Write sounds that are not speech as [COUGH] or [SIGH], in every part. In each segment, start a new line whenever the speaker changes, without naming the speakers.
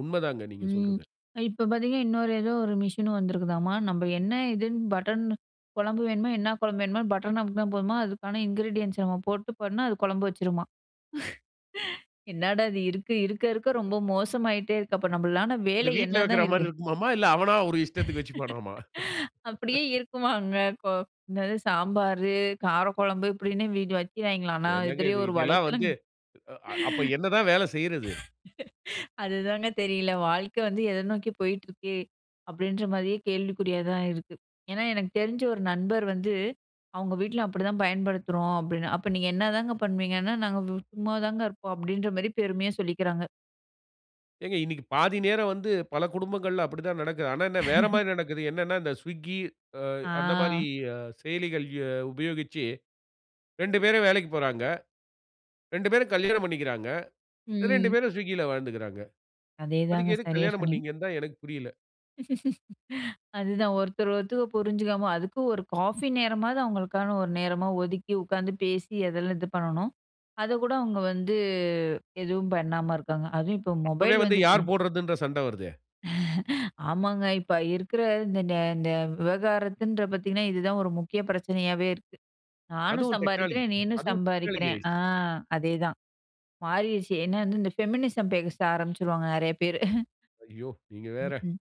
உண்ம தாங்க நீங்க
ம்.
சொல்றது.
இப்ப பார்த்தீங்கன்னா, இன்னொரு ஏதோ ஒரு மிஷின் வந்திருக்குதாம்மா! நம்ம என்ன இதுன்னு பட்டன் குழம்பு வேணுமா? என்ன குழம்பு வேணுமோ! பட்டன் அமுக்குன்னா போதுமா, அதுக்கான இன்கிரீடியன்ட்ஸ் நம்ம போட்டு போனா, அது குழம்பு வச்சுருமா! [LAUGHS] என்னடா! இது இருக்க இருக்க இருக்க ரொம்ப மோசமாயிட்டே இருக்கு. அப்ப நம்மளான
அப்பிடி
வேலை
வீட்ல
என்னதான்
வைக்கிறமாரி
இருக்கு?
இருக்குமாமா, இல்ல அவனா ஒரு இஷ்டத்துக்கு வச்சிக்குவானாம்மா!
[LAUGHS] அப்பிடியே
[LAUGHS]
இருக்குமாங்க? கோ என்னது சாம்பாரு, காரக்குழம்பு இப்பிடின்னு [UNINTELLIGIBLE] வைக்கீராய்ங்களாம். ஆனா
என்னங்க
இதுலேயே
இது,
ஒரு
இதுல்லாம்
வலைத்தளம்
வந்து அ அப்போ என்ன தான் வேலை செய்றது?
[LAUGHS] அதுதாங்க தெரியல. வாழ்க்க வந்து எத நோக்கி போயிட்டு இருக்கு. அப்பிடின்றமாரியே கேள்விக்குறியா தான் இருக்கு. ஏன்னா எனக்கு தெரிஞ்ச ஒரு நண்பர் வந்து அவுங்க வீட்ல அப்பிடி தான் பயன்படுத்துறோம் அப்பிடின்னு. அப்ப நீங்க என்னதாங்க பண்ணுவீங்கன்னா, நாங்க சும்மாதாங்க இருப்போம். அப்பிடின்றமாரி பெருமையா சொல்லிக்கிறாங்க.
ஏங்க, இன்னிக்கி பாதி நேரம் வந்து பல குடும்பங்கள்ல அப்பிடி தான் நடக்குது. ஆனா, என்ன
[LAUGHS]
வேறமாரி நடக்குது. என்னன்னா, இந்த ஸ்விக்கி அ அந்த மாரி
ஆ.
அ செயலிகள் அ உபயோகிச்சு 2 பேரும் வேலைக்குப் போறாங்க. 2 பேரும் கல்யாணம் பண்ணிக்கிறாங்க. 2
ம்.
பேரும் ஸ்விக்கில வாழ்ந்துக்கிறாங்க.
அதேதாங்க.
அதுக்கு எதுக்கு
சரியாக
கல்யாணம்
சொன்னீங்க.
பண்ணிங்க னு தான் எனக்கு புரியல.
[LAUGHS] அதுதான். ஒருத்தர் ஒருத்தர புரிஞ்சுக்காம அதுக்கு ஒரு காஃபி நேரமாவது அவுங்களுக்கான ஒரு நேரமா ஒதுக்கி உட்காந்து பேசி அதெல்லாம் இது பண்ணணும். அதக்கூட அவுங்க வந்து எதுவும் பண்ணாம இருக்காங்க. அதும் இப்போ
அப்பவே
மொபைல்
வந்து
வந்துச்சுன்னா
யார் போடுறதுன்ற சண்ட வருதே!
[LAUGHS] ஆமாங்க. இப்ப இருக்கிற இந்த நே இந்த விவகாரத்துன்ற பாத்தீங்கன்னா, இது தான் ஒரு முக்கிய பிரச்சனையாவே இருக்கு. "நானும்
அதுவும் டெக்னாலஜி
சம்பாதிக்கிறேன் நீனும்
அதுவும் டெக்னாலஜி
சம்பாதிக்கிற." ஆ
ஆயிருச்சு.
அதே தான் மாறிருச்சு. என்ன வந்து இந்த ஃபெமினிசம் பேச ஆரம்பிச்சுருவாங்க. நிறைய பேரு.பி [LAUGHS]
ஐயோ! நீங்க
ம்ஹ்ம்.
வேற.
[LAUGHS]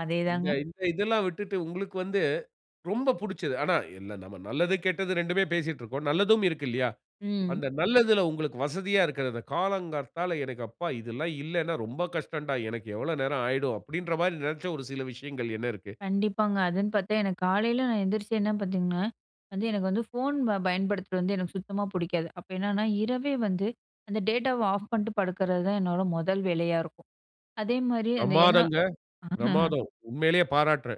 அதே
இந்த
தாங்க.
இந்த இதெல்லாம் விட்டுட்டு உங்களுக்கு வந்து, ரொம்ப பிடிச்சது. ஆனா எல்லா நம்ம நல்லது, கெட்டது 2மே பேசிட்டு இருக்கோம். நல்லதும் இருக்கு இல்லயா!
ம்.
அந்த நல்லதில உங்களுக்கு வசதியா இருக்கிற அந்த காலங்காத்தால எனக்கு அப்பா இதெல்லாம் இல்லன்னா ரொம்ப கஷ்டன்டா! எனக்கு எவ்ளோ நேரம் ஆயிடும் அப்பிடின்றமாரி நினைச்ச ஒரு சில விஷயங்கள் என்ன இருக்கு?
கண்டிப்பாங்க. அதுன்னு பார்த்தா எனக்கு காலையில நான் எந்திரிச்சு என்ன பார்த்தீங்கன்னா, வந்து எனக்கு வந்து ஃபோன் ப பயன்படுத்துறது வந்து எனக்கு சுத்தமா பிடிக்காது. அப்ப என்னன்னா, இரவே வந்து அந்த டேட்டாவ ஆஃப் பண்ணிட்டு படுக்கறதுதான் என்னோட முதல் வேலையா இருக்கும். அதேமாரி அந்த ஏன்னா
பிரமாதங்க,
[LAUGHS]
பிரமாதம். உண்மையிலேயே பாராட்டுறேன்.